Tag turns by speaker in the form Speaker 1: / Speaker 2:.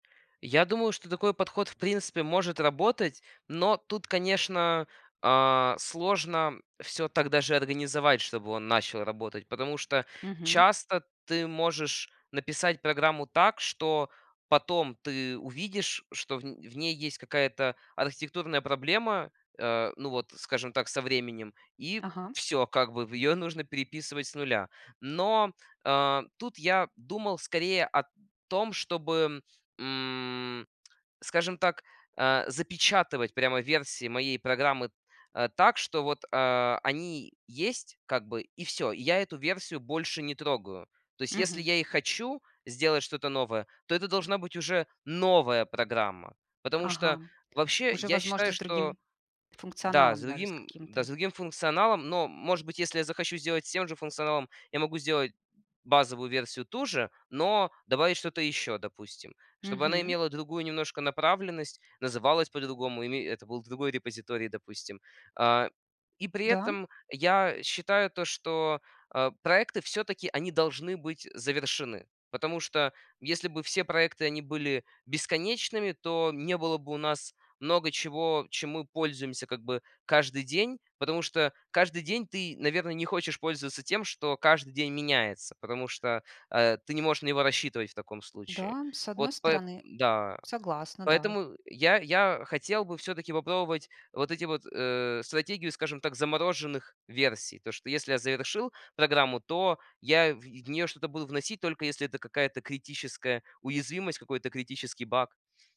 Speaker 1: Я думаю, что такой подход в принципе может работать, но тут, конечно, а, сложно всё так даже организовать, чтобы он начал работать. Потому что
Speaker 2: Мгм.
Speaker 1: часто ты можешь написать программу так, что потом ты увидишь, что в н в ней есть какая-то архитектурная проблема. Э, ну, вот, скажем так, со временем. И
Speaker 2: Ага.
Speaker 1: всё, как бы, в ее нужно переписывать с 0. Но, э, тут я думал скорее о том, чтобы, м, скажем так, а, запечатывать прямо версии моей программы, а, так, что вот, а, они есть, как бы, и всё. Я эту версию больше не трогаю. То есть, если
Speaker 2: Мгм.
Speaker 1: я и хочу сделать что-то новое, то это должна быть уже новая программа. Потому что
Speaker 2: Ага.
Speaker 1: вообще
Speaker 2: Уже
Speaker 1: я
Speaker 2: возможно
Speaker 1: считаю,
Speaker 2: с
Speaker 1: что
Speaker 2: другим
Speaker 1: Да, с
Speaker 2: функционалом даже с
Speaker 1: другим, да,
Speaker 2: каким-то.
Speaker 1: с другим функционалом. Но, может быть, если я захочу сделать с тем же функционалом, я могу сделать базовую версию ту же, но добавить что-то ещё, допустим. Чтобы она
Speaker 2: Мгм.
Speaker 1: имела другую немножко направленность, называлась по-другому, и ме это был другой репозиторий, допустим. А, и при
Speaker 2: Да.
Speaker 1: этом я считаю то, что, э, проекты всё-таки, они должны быть завершены. Потому что если бы все проекты они были бесконечными, то не было бы у нас много чего, чем мы пользуемся как бы каждый день. Потому что каждый день ты, наверно, не хочешь пользоваться тем, что каждый день меняется, потому что, э, ты не можешь на него рассчитывать в таком случае.
Speaker 2: Да, с
Speaker 1: Вот
Speaker 2: одной
Speaker 1: поэ
Speaker 2: стороны
Speaker 1: Да.
Speaker 2: Согласна, да.
Speaker 1: Поэтому я я хотел бы всё-таки попробовать вот эти вот, э, стратегию, скажем так, замороженных версий. То, что если я завершил программу, то я в в нее что-то буду вносить, только если это какая-то критическая уязвимость, какой-то критический баг.